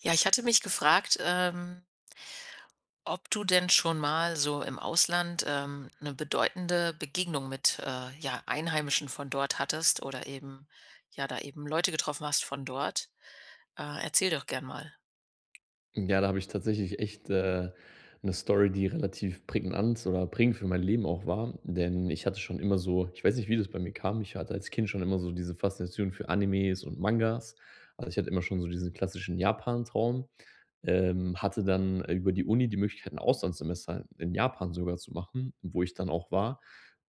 Ja, ich hatte mich gefragt, ähm ob du denn schon mal so im Ausland, ähm, 'ne bedeutende Begegnung mit, äh, ja, Einheimischen von dort hattest oder eben ja, da eben Leute getroffen hast von dort. Äh, erzähl doch gerne mal. Ja, da habe ich tatsächlich echt, äh, 'ne Story, die relativ prägnant oder prägend für mein Leben auch war. Denn ich hatte schon immer so ich weiß nicht, wie das bei mir kam. Ich hatte als Kind schon immer so diese Faszination für Animes und Mangas. Also ich hatte immer schon so diesen klassischen Japan-Traum. Ähm, hatte dann über die Uni die Möglichkeit, 'n Auslandssemester in Japan sogar zu machen, wo ich dann auch war.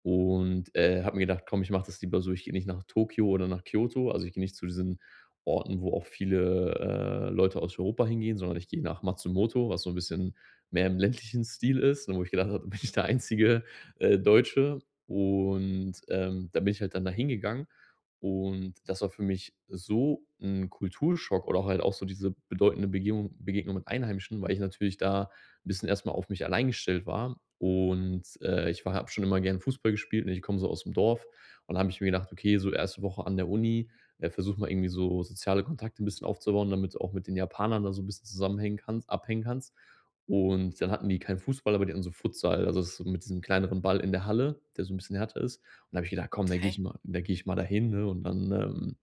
Und, äh, habe mir gedacht: „Komm, ich mache das lieber so, ich gehe nicht nach Tokio oder nach Kyoto, also ich gehe nicht zu diesen Orten, wo auch viele, äh, Leute aus Europa hingehen, sondern ich gehe nach Matsumoto, was so 'n bisschen mehr im ländlichen Stil ist, und wo ich gedacht habe: ‚Da bin ich der einzige, äh, Deutsche.‘“ Und, ähm, da bin ich halt dann da hingegangen. Und das war für mich so 'n Kulturschock oder halt auch so diese bedeutende Begebung Begegnung mit Einheimischen. Weil ich natürlich da 'n bisschen erst mal auf mich allein gestellt war und, äh, ich war habe schon immer gern Fußball gespielt, ne, und ich komme so aus dem Dorf und dann habe ich mir gedacht: „Okay, so erste Woche an der Uni äh, versuche mal irgendwie so soziale Kontakte 'n bisschen aufzubauen, damit du auch mit den Japanern da so 'n bisschen zusammenhängen kannst abhängen kannst.“ Und dann hatten die keinen Fußball, aber die haben so Futsal also so mit diesem kleineren Ball in der Halle, der so 'n bisschen härter ist. Und da habe ich gedacht: „Komm, da gehe Okay. ich mal da gehe ich mal dahin und, ne, und dann, ähm“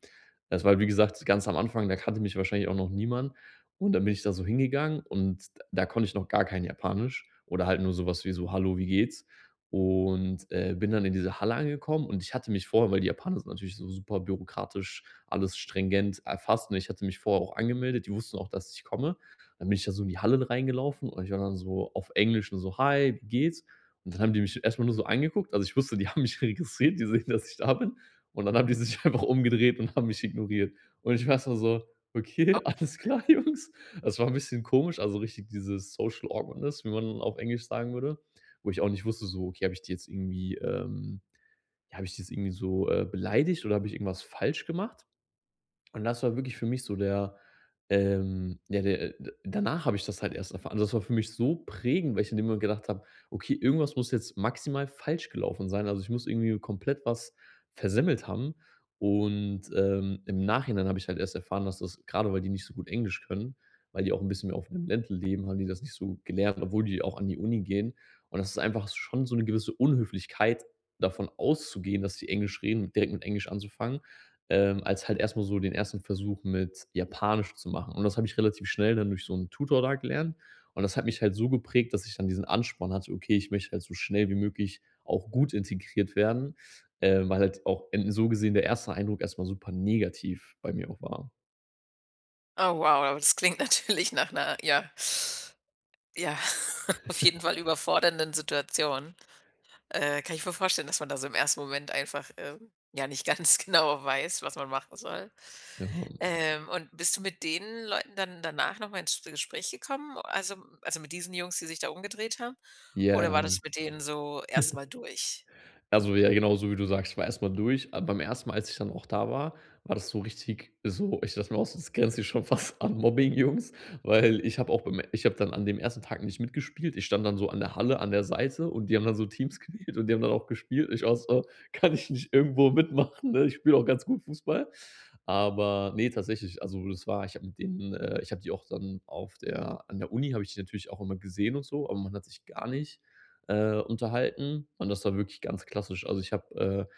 Das war, wie gesagt, ganz am Anfang, da kannte mich wahrscheinlich auch noch niemand. Und dann bin ich da so hingegangen und da konnte ich noch gar kein Japanisch oder halt nur sowas wie so: „Hallo, wie geht's?“ Und, äh, bin dann in diese Halle angekommen. Und ich hatte mich vorher weil, die Japaner sind natürlich so super bürokratisch, alles stringent erfasst. Ne, ich hatte mich vorher auch angemeldet, die wussten auch, dass ich komme. Dann bin ich da so in die Halle reingelaufen und ich war dann so auf Englisch nur so: „Hi, wie geht's?“ Und dann haben die mich erstmal nur so angeguckt. Also, ich wusste, die haben mich registriert, die sehen, dass ich da bin. Und dann haben die sich einfach umgedreht und haben mich ignoriert. Und ich war erstmal so: „Okay, Oh. alles klar, Jungs.“ Das war 'n bisschen komisch, also richtig dieses social Awkwardness, wie man auf Englisch sagen würde. Wo ich auch nicht wusste, so: „Okay, habe ich die jetzt irgendwie, ähm habe ich die jetzt irgendwie so, äh, beleidigt oder habe ich irgendwas falsch gemacht?“ Und das war wirklich für mich so der, ähm ja der, äh äh danach habe ich das halt erst erfahren. Also, das war für mich so prägend, weil ich in dem Moment gedacht habe: „Okay, irgendwas muss jetzt maximal falsch gelaufen sein. Also ich muss irgendwie komplett was versemmelt haben.“ Und, ähm, im Nachhinein habe ich halt erst erfahren, dass das grade weil die nicht so gut Englisch können, weil die auch 'n bisschen mehr auf dem Land leben, haben die das nicht so gut gelernt, obwohl die auch an die Uni gehen. Und das ist einfach schon so 'ne gewisse Unhöflichkeit, davon auszugehen, dass die Englisch reden direkt mit Englisch anzufangen. Ähm, als halt erstmal so den ersten Versuch mit Japanisch zu machen. Und das habe ich relativ schnell dann durch so 'n Tutor da gelernt. Und das hat mich halt so geprägt, dass ich dann diesen Ansporn hatte: „Okay, ich möchte halt so schnell wie möglich auch gut integriert werden.“ Ähm, weil halt auch än so gesehen, der erste Eindruck erstmal super negativ bei mir auch war. Oh, wow, aber das klingt natürlich nach 'ner, ja ja, auf jeden Fall überfordernden Situation. Äh, kann ich mir vorstellen, dass man da so im ersten Moment einfach, ähm, ja, nicht ganz genau weiß, was man machen soll. [unintelligible] Ähm, und bist du mit den Leuten dann danach nochmal ins G ins Gespräch gekommen? Also also mit diesen Jungs, die sich da umgedreht haben? Oder Ja. war das mit denen so erstmal durch? Also ja, genauso wie du sagst, ich war erstmal durch. Aber beim ersten Mal, als ich dann auch da war, war das so richtig also, ich dachte mir auch so, das grenzt hier schon fast an Mobbing, Jungs. Weil ich habe auch beim ich habe dann an dem ersten Tag nicht mitgespielt. Ich stand dann so an der Halle an der Seite und die haben dann so Teams gewählt und die haben dann auch gespielt. Und ich war auch so: „Kann ich nicht irgendwo mitmachen, ne? Ich spiele auch ganz gut Fußball.“ Aber, ne, tatsächlich also das war, ich habe mit denen, äh ich habe die auch dann auf der an der Uni habe ich die natürlich auch immer gesehen und so, aber man hat sich gar nicht, äh, unterhalten und das war wirklich ganz klassisch. Also ich habe,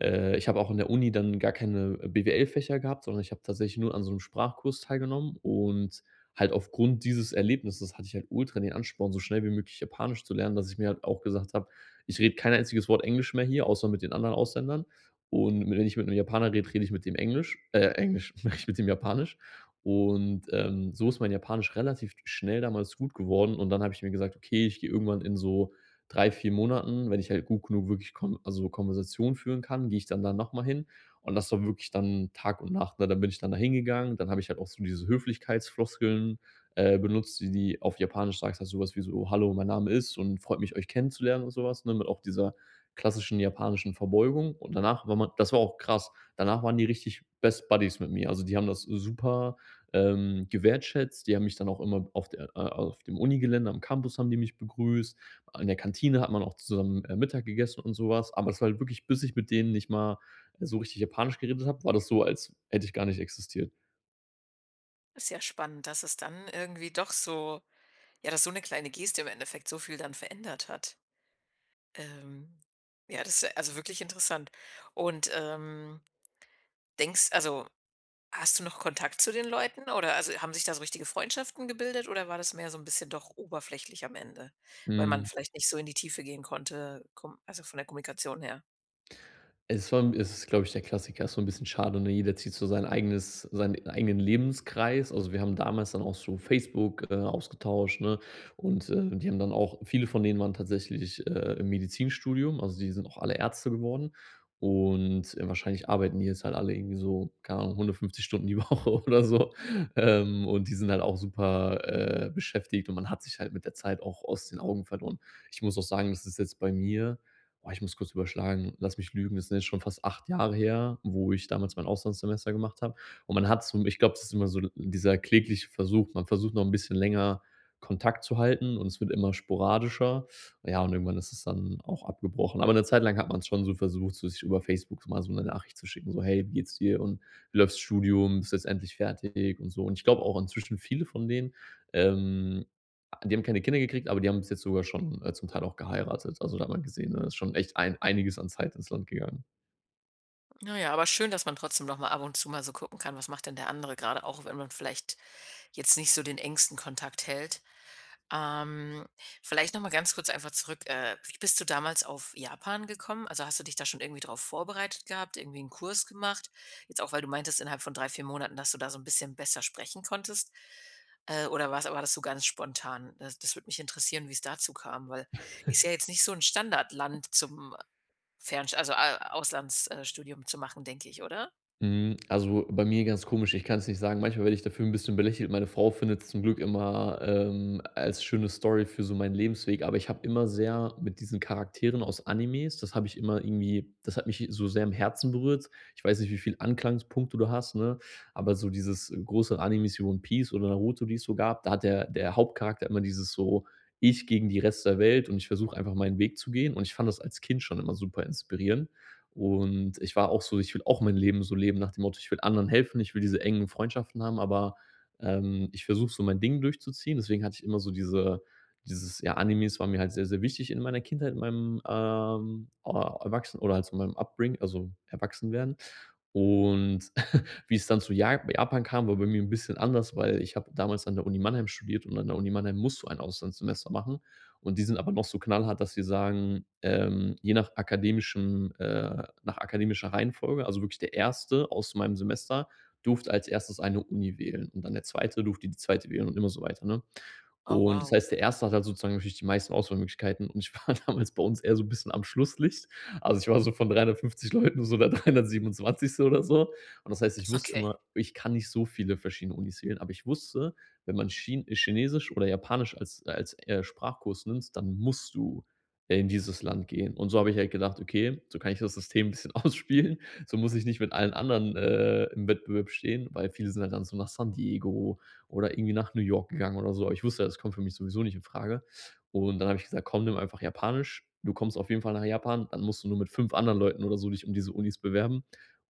äh äh ich habe auch in der Uni dann gar keine BWL-Fächer gehabt, sondern ich habe tatsächlich nur an so 'n Sprachkurs teilgenommen und halt aufgrund dieses Erlebnisses hatte ich halt ultra den Ansporn, so schnell wie möglich Japanisch zu lernen, dass ich mir halt auch gesagt habe: „Ich rede kein einziges Wort Englisch mehr hier, außer mit den anderen Ausländern.“ Und wenn ich mit 'nem Japaner rede, rede ich mit dem Englisch äh, Englisch, rede ich mit dem Japanisch. Und, ähm, so ist mein Japanisch relativ schnell damals gut geworden und dann habe ich mir gesagt: „Okay, ich gehe irgendwann in so 3, 4 Monaten, wenn ich halt gut genug wirklich Kon also Konversation führen kann, gehe ich dann da nochmal hin“ und das war wirklich dann Tag und Nacht, ne? Dann bin ich dann da hingegangen, dann habe ich halt auch so diese Höflichkeitsfloskeln, äh, benutzt, die die auf Japanisch sagst du halt sowas wie so: „Hallo, mein Name ist und freut mich, euch kennenzulernen“ und sowas, ne? Mit auch dieser klassischen japanischen Verbeugung. Und danach war man das war auch krass. Danach waren die richtig best Buddies mit mir. Also die haben das super, ähm, wertgeschätzt. Die haben mich dann auch immer auf der äh, auf dem Uni-Gelände am Campus haben die mich begrüßt. In der Kantine hat man auch zusammen, äh, Mittag gegessen und sowas. Aber es war halt wirklich, bis ich mit denen nicht mal so richtig Japanisch geredet habe, war das so, als hätte ich gar nicht existiert. Ist ja spannend, dass es dann irgendwie doch so ja, dass so 'ne kleine Geste im Endeffekt so viel dann verändert hat. Ähm, ja, das ist also wirklich interessant. Und, ähm, denkst also, hast du noch Kontakt zu den Leuten, oder also, haben sich da so richtige Freundschaften gebildet? Oder war das mehr so 'n bisschen doch oberflächlich am Ende, weil man Mhm. vielleicht nicht so in die Tiefe gehen konnte. Komm also, von der Kommunikation her? Es vom es ist, glaube ich, der Klassiker. Ist so 'n bisschen schade, ne, jeder zieht so sein eigenes seinen eigenen Lebenskreis. Also, wir haben damals dann auch so Facebook, äh, ausgetauscht, ne. Und, äh, die haben dann auch viele von denen waren tatsächlich, äh, im Medizinstudium. Also, die sind auch alle Ärzte geworden. Und, äh, wahrscheinlich arbeiten die jetzt halt alle irgendwie so, keine Ahnung, 150 Stunden die Woche oder so. Ähm, und die sind halt auch super, äh, beschäftigt und man hat sich halt mit der Zeit auch aus den Augen verloren. Ich muss auch sagen, das ist jetzt bei mir oh, ich muss kurz überschlagen, lass mich lügen, das sind jetzt schon fast 8 Jahre her, wo ich damals mein Auslandssemester gemacht habe. Und man hat's, so ich glaube, es ist immer so l dieser klägliche Versuch. Man versucht noch 'n bisschen länger Kontakt zu halten und es wird immer sporadischer. Ja, und irgendwann ist es dann auch abgebrochen. Aber 'ne Zeit lang hat man's schon so versucht, so sich über Facebook mal so 'ne Nachricht zu schicken, so: „Hey, wie geht's dir und wie läuft das Studium, bist du jetzt endlich fertig,“ und so. Und ich glaube auch inzwischen viele von denen, ähm, a die haben keine Kinder gekriegt, aber die haben bis jetzt sogar schon, äh, zum Teil auch geheiratet. Also, da hat man gesehen, äh, ist schon echt ein einiges an Zeit ins Land gegangen. Na ja, aber schön, dass man trotzdem noch mal ab und zu mal so gucken kann: „Was macht denn der andere gerade?" auch wenn man vielleicht jetzt nicht so den engsten Kontakt hält. Ähm, vielleicht noch mal ganz kurz einfach zurück. Äh, wie bist du damals auf Japan gekommen? Also, hast du dich da schon irgendwie drauf vorbereitet gehabt? Irgendwie 'n Kurs gemacht. Jetzt auch, weil du meintest innerhalb von 3, 4 Monaten, dass du da so 'n bisschen besser sprechen konntest. Äh, oder was war das so ganz spontan? Äh, das das würde mich interessieren, wie's dazu kam, weil ist ja jetzt nicht so 'n "Standardland" zum, äh, Fernsch also, A Auslands äh, Studium zu machen, denke ich, oder? Mhm, also, bei mir ganz komisch. Ich kann es nicht sagen, manchmal werde ich dafür 'n bisschen belächelt. Meine Frau findet's zum Glück immer, ähm, a als schöne Story für so meinen Lebensweg, aber ich habe immer sehr mit diesen Charakteren aus Animes, das habe ich immer irgendwie, das hat mich hi so sehr am Herzen berührt. Ich weiß nicht, wie viel Anklagepunkte du hast, ne? Aber so dieses, äh, große Anime One Peace oder Naruto, die es so gab, da hat der der Hauptcharakter immer dieses so: „Ich gegen die Rest der Welt und ich versuche einfach meinen Weg zu gehen!" Und ich fand das als Kind schon immer super inspirierend. Und ich war auch so. Ich will auch mein Leben so leben nach dem Motto: „Ich will anderen helfen!" Ich will diese engen Freundschaften haben, aber, ähm, ich versuche so mein Ding durchzuziehen. Deswegen hatte ich immer so diese äh, dieses ja, Animes waren mir halt sehr, sehr wichtig in meiner Kindheit, in meinem, ähm, ah, erwachsen oder halt so meinem upbring also, Erwachsenwerden. Und wie es dann zu Jap Japan kam, war bei mir 'n bisschen anders, weil ich habe damals an der Uni Mannheim studiert und an der Uni Mannheim musst du ein Auslandssemester machen. Und die sind aber noch so knallhart, dass sie sagen, ähm: „Je nach akademischem äh, nach akademischer Reihenfolge." Also, wirklich der 1. aus meinem Semester durfte als erstes eine Uni wählen und dann der 2. durfte die 2. wählen und immer so weiter, ne? Oh, Und das wow. heißt, der erste hat halt sozusagen natürlich die meisten Auswahlmöglichkeiten und ich war damals bei uns eher so 'n bisschen am "Schlusslicht". Also, ich war so von 350 Leuten so der 327. oder so. Und das heißt, ich Ist wusste okay. immer, ich kann nicht so viele verschiedene Unis wählen, aber ich wusste, wenn man Chin Chinesisch oder Japanisch als als, äh, Sprachkurs nimmst, dann musst du in dieses Land gehen. Und so habe ich halt gedacht: „Okay, so kann ich das System 'n bisschen ausspielen, so muss ich nicht mit allen anderen, äh, im Wettbewerb stehen." Weil viele sind halt dann so nach San Diego oder irgendwie nach New York gegangen oder so. Aber ich wusste ja, das kommt für mich sowieso nicht in Frage. Und dann habe ich gesagt: „Komm, nimm einfach Japanisch, du kommst auf jeden Fall nach Japan, dann musst du nur mit 5 anderen Leuten oder so dich um diese Unis bewerben."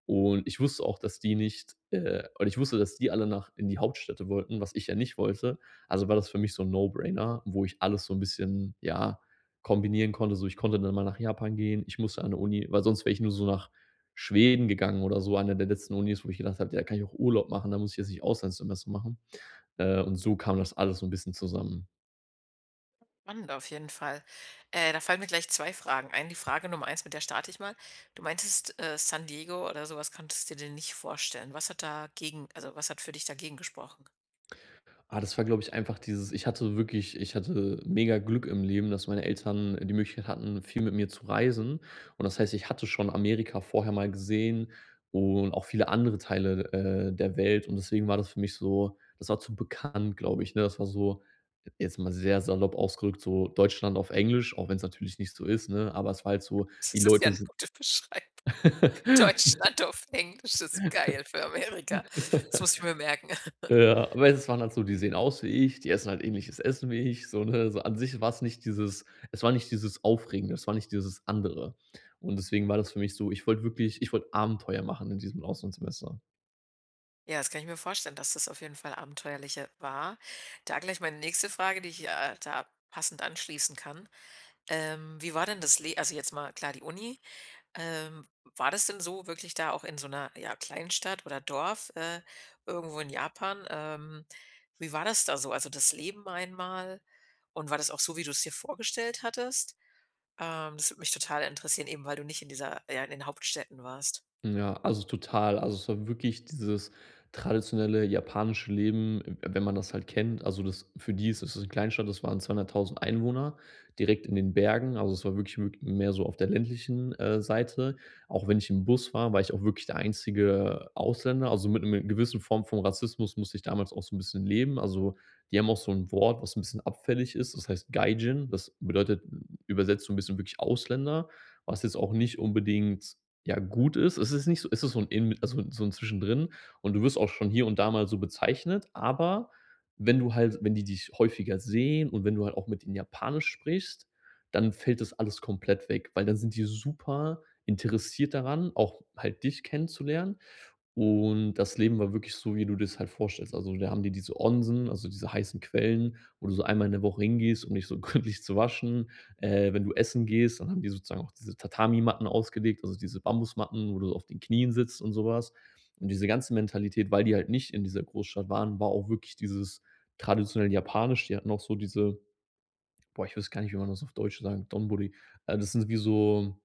Und ich wusste auch, dass die nicht äh, und ich wusste, dass die alle nach in die Hauptstädte wollten, was ich ja nicht wollte. Also, war das für mich so 'n "No-Brainer" wo ich alles so 'n bisschen, ja, kombinieren konnte. So ich konnte dann mal nach Japan gehen. Ich musste an 'ne Uni, weil sonst wäre ich nur so nach Schweden gegangen oder so. Eine der letzten Unis, wo ich gedacht habe: „Ja kann ich auch Urlaub machen, da muss ich jetzt nicht Auslandssemester machen." Äh, und so kam das alles so 'n bisschen zusammen. Spannend auf jeden Fall. Äh, da fallen mir gleich 2 Fragen ein. Die Frage Nummer eins mit der starte ich mal. Du meintest, äh, San Diego oder sowas könntest du dir nicht vorstellen. Was hat dagegen, also, was hat für dich dagegen gesprochen? Ah, das war, glaube ich einfach dieses ich hatte wirklich ich hatte mega Glück im Leben, dass meine Eltern die Möglichkeit hatten, viel mit mir zu reisen. Und das heißt, ich hatte schon Amerika vorher mal gesehen und auch viele andere Teile, äh, der Welt und deswegen war das für mich so das war zu bekannt, glaube ich, ne? Das war so jetzt mal sehr salopp ausgerückt, so Deutschland auf Englisch, auch wenn es natürlich nicht so ist, ne? Aber es war halt so, Das die ist ja Leute 'ne sind gute Beschreibung. Deutschland auf Englisch ist geil für Amerika Das muss ich mir merken Ja, aber es waren halt so, die sehen aus wie ich, die essen halt ähnliches Essen wie ich, so ne? So an sich war es nicht dieses es war nicht dieses Aufregende, es war nicht dieses Andere. Und deswegen war das für mich so ich wollte wirklich ich wollte Abenteuer machen in diesem Auslandssemester. Ja, das kann ich mir vorstellen, dass das auf jeden Fall abenteuerlicher war. Da gleich meine nächste Frage, die ich, äh, da passend anschließen kann. Ähm, wie war denn das Le also jetzt mal klar die Uni. Ähm, w war das denn so wirklich da auch in so 'ner, ja, Kleinstadt oder Dorf, äh, irgendwo in Japan? Ähm, wie war das da so? Also das Leben einmal. Und war das auch so, wie du es dir vorgestellt hattest? Ähm, das würde mich total interessieren. Eben, weil du nicht in dieser ja, in den Hauptstädten warst. Ja, also total. Also, es war wirklich dieses traditionelle japanische Leben, w wenn man das halt kennt. Also das für die ist das 'ne Kleinstadt. Das waren 200.000 Einwohner, direkt in den Bergen, also es war wirklich wi mehr so auf der ländlichen, äh, Seite. Auch wenn ich im Bus war, war ich auch wirklich der einzige, äh, Ausländer, also mit 'nem gewissen Form von Rassismus musste ich damals auch so 'n bisschen leben. Also die haben auch so 'n Wort, was 'n bisschen abfällig ist. Das heißt Gaijin, das bedeutet ü übersetzt so 'n bisschen wirklich Ausländer, was jetzt auch nicht unbedingt, ja, gut ist. Es ist nicht so es ist so 'n ähn also so 'n Zwischendrin und du wirst auch schon hier und da mal so bezeichnet. Aber wenn du halt wenn die dich häufiger sehen und wenn du halt auch mit ihnen Japanisch sprichst, dann fällt das alles komplett weg, weil dann sind die super interessiert daran, auch halt dich kennenzulernen. Und das Leben war wirklich so, wie du dir 's halt vorstellst. Also da haben die diese Onsen, also diese heißen Quellen, wo du so einmal in der Woche hingehst, um dich so gründlich zu waschen. Äh, wenn du essen gehst, dann haben die sozusagen auch diese Tatami-Matten ausgelegt, also diese Bambusmatten, wo du auf den Knien sitzt und sowas. Und diese ganze Mentalität, weil die halt nicht in dieser Großstadt waren, war auch wirklich dieses traditionell japanisch. Die hatten auch so diese boah, ich wüsste gar nicht, wie man das auf Deutsch sagt, Donburi. Äh, das sind wie so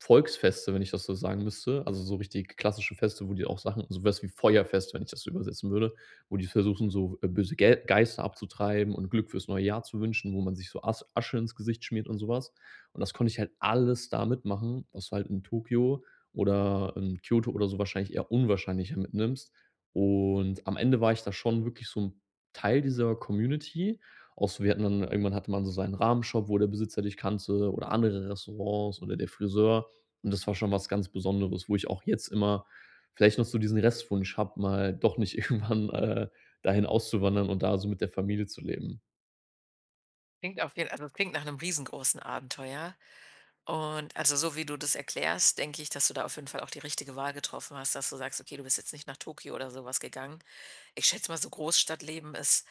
Volksfeste, wenn ich das so sagen müsste. Also so richtig klassische Feste, wo die auch Sachen sowas wie Feuerfest, wenn ich das so übersetzen würde, wo die versuchen, so, äh, böse Ge Geister abzutreiben und Glück fürs neue Jahr zu wünschen, wo man sich so As Asche ins Gesicht schmiert und sowas. Und das konnte ich halt alles da mitmachen, was du halt in Tokio oder in Kyoto oder so wahrscheinlich eher unwahrscheinlicher mitnimmst. Und am Ende war ich da schon wirklich so 'n Teil dieser Community auch so wir hatten dann irgendwann hatte man so seinen Ramen-Shop, wo der Besitzer dich kannte oder andere Restaurants oder der Friseur. Und das war schon was ganz Besonderes, wo ich auch jetzt immer vielleicht noch so diesen Restwunsch habe, mal doch nicht irgendwann, äh, dahin auszuwandern und da so mit der Familie zu leben. Klingt auf jeden also, das klingt nach 'nem riesengroßen Abenteuer. Und, also, so wie du das erklärst, denke ich, dass du da auf jeden Fall auch die richtige Wahl getroffen hast, dass du sagst: „Okay, du bist jetzt nicht nach Tokyo oder sowas gegangen.“ Ich schätze mal, so Großstadtleben ist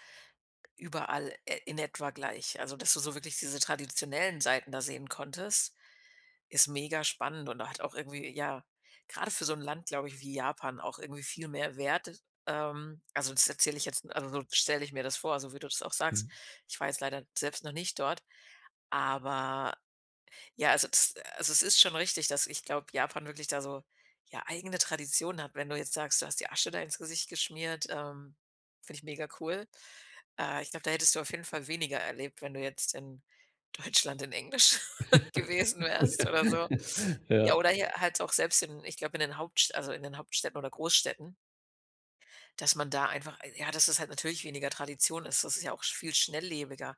überall, äh, in etwa gleich. Also, dass du so wirklich diese traditionellen Seiten da sehen konntest, ist mega spannend. Und da hat auch irgendwie, ja, grade für so 'n Land, glaube ich, wie Japan auch irgendwie viel mehr Wert. Ähm, also das erzähle ich jetzt also so stelle ich mir das vor, so wie du das auch sagst. Mhm. Ich war jetzt leider selbst noch nicht dort, aber, ja, also das äh, also es ist schon richtig, dass, ich glaube, Japan wirklich da so, ja, eigene Traditionen hat. Wenn du jetzt sagst, du hast die Asche da ins Gesicht geschmiert, ähm, finde ich mega cool. Äh, ich glaube, da hättest du auf jeden Fall weniger erlebt, wenn du jetzt in Deutschland in Englisch gewesen wärst oder so. Ja, Ja. oder hier halt auch selbst in ich glaube in den Hauptst also in den Hauptstädten oder Goßstädten dass man da einfach, äh, ja dass es halt natürlich weniger Tradition ist. Das ist ja auch viel schnelllebiger.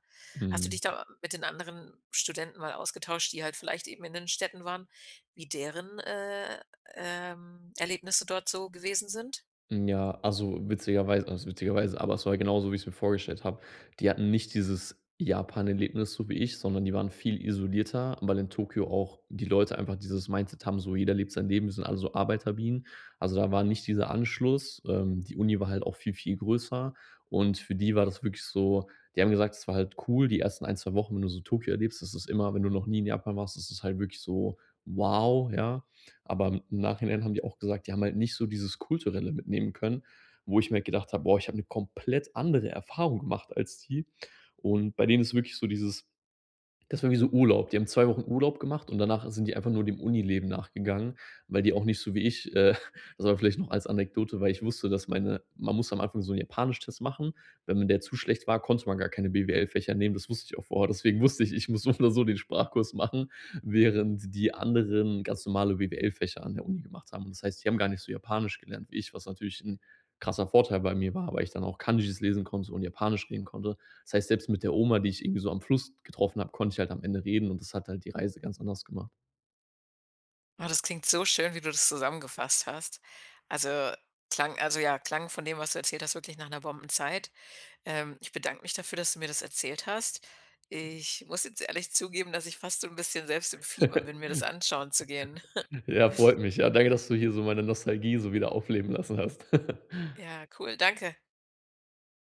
Hast du Mhm. dich da mit den anderen Studenten mal ausgetauscht, die halt vielleicht eben in den Städten waren, wie deren, äh, ähm, Erlebnisse dort so gewesen sind? Hm, ja, also witzigerwei was witzigerweise. Aber es war genauso, wie ich es mir vorgestellt habe. Die hatten nicht dieses Japan-Erlebnis, so wie ich, sondern die waren viel isolierter, weil in Tokio auch die Leute einfach dieses Mindset haben, so, jeder lebt sein Leben. Wir sind alle so Arbeiterbienen. Also, da war nicht dieser Anschluss. Ähm, die Uni war halt auch viel, viel größer und für die war das wirklich so, die haben gesagt: „Es war halt cool, die ersten 1, 2 Wochen, wenn du so Tokyo erlebst.“ Das ist immer, wenn du noch nie in Japan warst, ist es halt wirklich so, wow, ja. Aber im Nachhinein haben die auch gesagt, die haben halt nicht so dieses Kulturelle mitnehmen können, wo ich mir halt gedacht habe: „Boah, ich habe 'ne komplett andere Erfahrung gemacht, als die.“ Und bei denen ist es wirklich so dieses, das war wie so Urlaub. Die haben 2 Wochen Urlaub gemacht und danach sind die einfach nur dem Unileben nachgegangen, weil die auch nicht so wie ich, äh das vielleicht noch als Anekdote, weil ich wusste, dass meine man muss am Anfang so 'n Japanisch-Test machen. Wenn m der zu schlecht war, konnte man gar keine BWL-Fächer nehmen, das wusste ich auch vorher. Deswegen wusste ich, ich muss so oder so den Sprachkurs machen, während die anderen ganz normale BWL-Fächer an der Uni gemacht haben. Das heißt, die haben gar nicht so Japanisch gelernt wie ich, was natürlich 'n krasser Vorteil bei mir war, weil ich dann auch Kanjis lesen konnte und Japanisch reden konnte. Das heißt, selbst mit der Oma, die ich irgendwie so am Fluss getroffen habe, konnte ich halt am Ende reden und das hat halt die Reise ganz anders gemacht. Oh, das klingt so schön, wie du das zusammengefasst hast. Also klang also, ja, klang von dem, was du erzählt hast, wirklich nach 'ner Bombenzeit. Ähm, ich bedanke mich dafür, dass du mir das erzählt hast. Ich muss jetzt ehrlich zugeben, dass ich fast so 'n bisschen selbst im Fieber bin, mir das anschauen zu gehen. Ja, freut mich. Ja, danke, dass du hier so meine Nostalgie so wieder aufleben lassen hast. Ja, cool. Danke.